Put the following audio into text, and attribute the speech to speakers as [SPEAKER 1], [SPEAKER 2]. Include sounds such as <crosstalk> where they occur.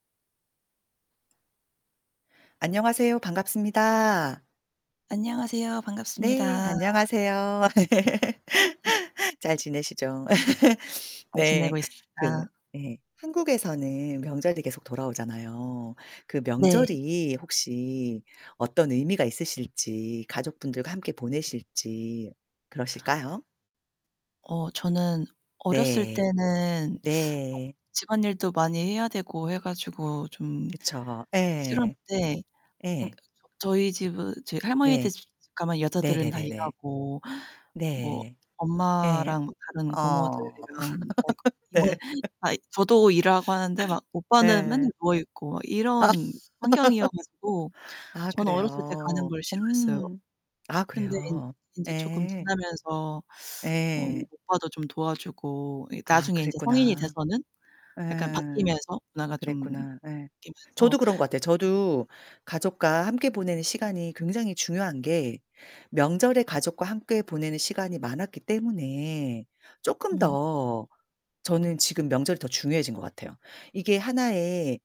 [SPEAKER 1] 안녕하세요. 반갑습니다.
[SPEAKER 2] 안녕하세요.
[SPEAKER 1] 네
[SPEAKER 2] 반갑습니다.
[SPEAKER 1] 안녕하세요.
[SPEAKER 2] 아 네.
[SPEAKER 1] <laughs> 잘
[SPEAKER 2] 음.
[SPEAKER 1] 지내시죠? <laughs> <sniffs>
[SPEAKER 2] 잘
[SPEAKER 1] 네.
[SPEAKER 2] 지내고
[SPEAKER 1] 그
[SPEAKER 2] 있습니다.
[SPEAKER 1] 예 한국에서는 명절이 계속 돌아오잖아요. 그
[SPEAKER 2] 네.
[SPEAKER 1] 명절이 혹시 어떤 의미가 있으실지 가족분들과 함께 보내실지 그러실까요?
[SPEAKER 2] 어 저는 어렸을
[SPEAKER 1] 네.
[SPEAKER 2] 때는 <sucks teeth>
[SPEAKER 1] 네.
[SPEAKER 2] 집안일도 많이 해야 되고 해 가지고 좀
[SPEAKER 1] 그쵸 예.
[SPEAKER 2] 싫었는데 그러니까
[SPEAKER 1] 예.
[SPEAKER 2] 저 저희 집은 저희
[SPEAKER 1] 네.
[SPEAKER 2] 할머니댁 집 가면 여자들은 다
[SPEAKER 1] 네네네네.
[SPEAKER 2] 일하고 뭐
[SPEAKER 1] 네. 예.
[SPEAKER 2] 엄마랑 다른
[SPEAKER 1] 어
[SPEAKER 2] 고모들이랑 <unintelligible>
[SPEAKER 1] <laughs>
[SPEAKER 2] 이모
[SPEAKER 1] 네. <laughs>
[SPEAKER 2] 다 저도 일하고 하는데 막 오빠는
[SPEAKER 1] 예예.
[SPEAKER 2] 맨날 누워 있고 막
[SPEAKER 1] 아.
[SPEAKER 2] 이런 환경이어 가지고
[SPEAKER 1] <laughs> 아
[SPEAKER 2] 저는 어렸을 때 가는
[SPEAKER 1] 그래요.
[SPEAKER 2] 걸 싫어했어요.
[SPEAKER 1] 음. 아
[SPEAKER 2] 근데 인
[SPEAKER 1] 그래요.
[SPEAKER 2] 인제 조금
[SPEAKER 1] 예.
[SPEAKER 2] 지나면서 <sucks teeth> 어
[SPEAKER 1] 예.
[SPEAKER 2] 오빠도 좀 도와주고 예
[SPEAKER 1] 아
[SPEAKER 2] 나중에 이제 성인이
[SPEAKER 1] 그랬구나.
[SPEAKER 2] 돼서는 약간
[SPEAKER 1] 예.
[SPEAKER 2] 바뀌면서 문화가 좀
[SPEAKER 1] 그랬구나 예. 저도
[SPEAKER 2] 바뀌면서
[SPEAKER 1] 그런 것 같아요. 저도 가족과 함께 보내는 시간이 굉장히 중요한 게 명절에 가족과 함께 보내는 시간이 많았기 때문에 쪼끔
[SPEAKER 2] 음.
[SPEAKER 1] 더 저는 지금 명절이 더 중요해진 것 같아요. 이게 하나의